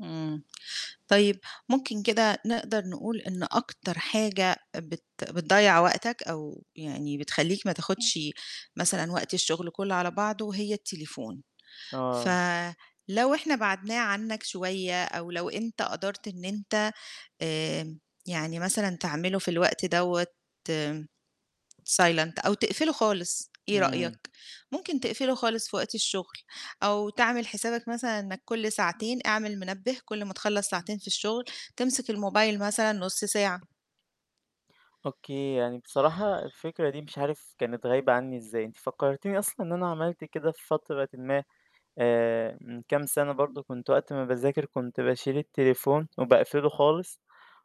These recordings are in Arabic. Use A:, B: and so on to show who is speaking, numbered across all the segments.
A: إمم، طيب ممكن كده نقدر نقول إن أكتر حاجة بت بتضيّع وقتك أو يعني بتخلّيك ما تاخُدش مثلًا وقت الشُغل كلّه على بعضه هي التليفون، ف
B: آه.
A: لو إحنا بَعَدناه عنّك شوية أو لو أنت قَدرت إن أنت آمم، يعني مثلًا تعمله في الوقت دَوّة silent أو تقفله خالص إيه رأيك؟
B: إمم.
A: ممكن تقفله خالص في وقت الشُغل أو تعمل حسابك مثلًا إنّك كل ساعتين اعمِل منبّه كل ما تخلّص ساعتين في الشُغل تمسِك الموبايل مثلًا نُص ساعة.
B: أوكي، يعني بصراحة الفكرة دي مش عارف كانت غايبة عنّي إزاي، أنتِ فكّرتيني أصلًا إن أنا عملت كده في فترةٍ ما آآ من كام سَنة برضه كنت وقت ما باذاكر كنت باشيل التليفون وباقفله خالص،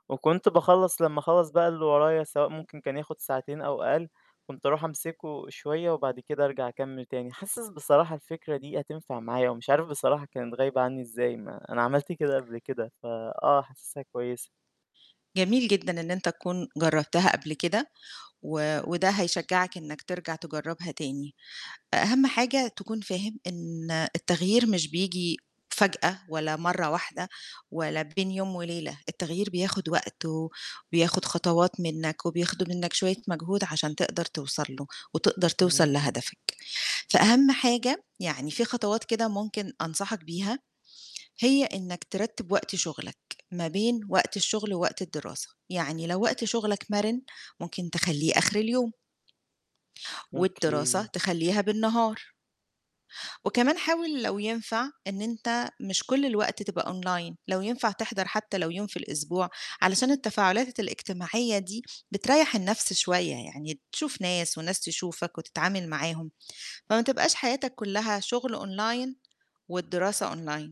B: وكنت باخلّص لمّا أخلّص بقى اللي ورايا سواء ممكن كان ياخُد ساعتين أو أقل، كنت أروح أمسكه شوية وبعد كده أرجع أكمّل تاني. حاسس بصراحة الفكرة دي هتنفع معايا ومش عارف بصراحة كانت غايبة عنّي إزاي ما أنا عملت كده قبل كده ف آه، حاسسها كويسة.
A: جميل جدًا إن أنت تكون جرّبتها قبل كده و وده هيشجّعك إنّك ترجع تجرّبها تاني. أ أهم حاجة تكون فاهم إن التغيير مش بييجي فجأة ولا مرّة واحدة ولا بين يوم وليلة، التغيير بياخُد وقت و وبياخُد خطوات منّك وبياخُدوا منّك شوية مجهود عشان تقدر توصل له وتقدر توصل
B: امم.
A: لهدفك. فأهم حاجة يعني في خطوات كده ممكن أنصحك بيها هي إنّك ترتّب وقت شُغلك ما بين وقت الشُغل ووقت الدراسة، يعني لو وقت شُغلك مَرِن ممكن تخلّيه آخِر اليوم والدراسة
B: أوكي.
A: تخلّيها بالنهار. وكمان حاول لو ينفع إن أنت مش كل الوقت تبقى أونلاين لو ينفع تحضَر حتى لو يوم في الأسبوع علشان التفاعلات الإجتماعية دي بتريّح النَفْس شوية، يعني تشوف ناس والناس تشوفك وتتعامل معاهم، فما تبقاش حياتك كلّها شُغل أونلاين والدراسة أونلاين.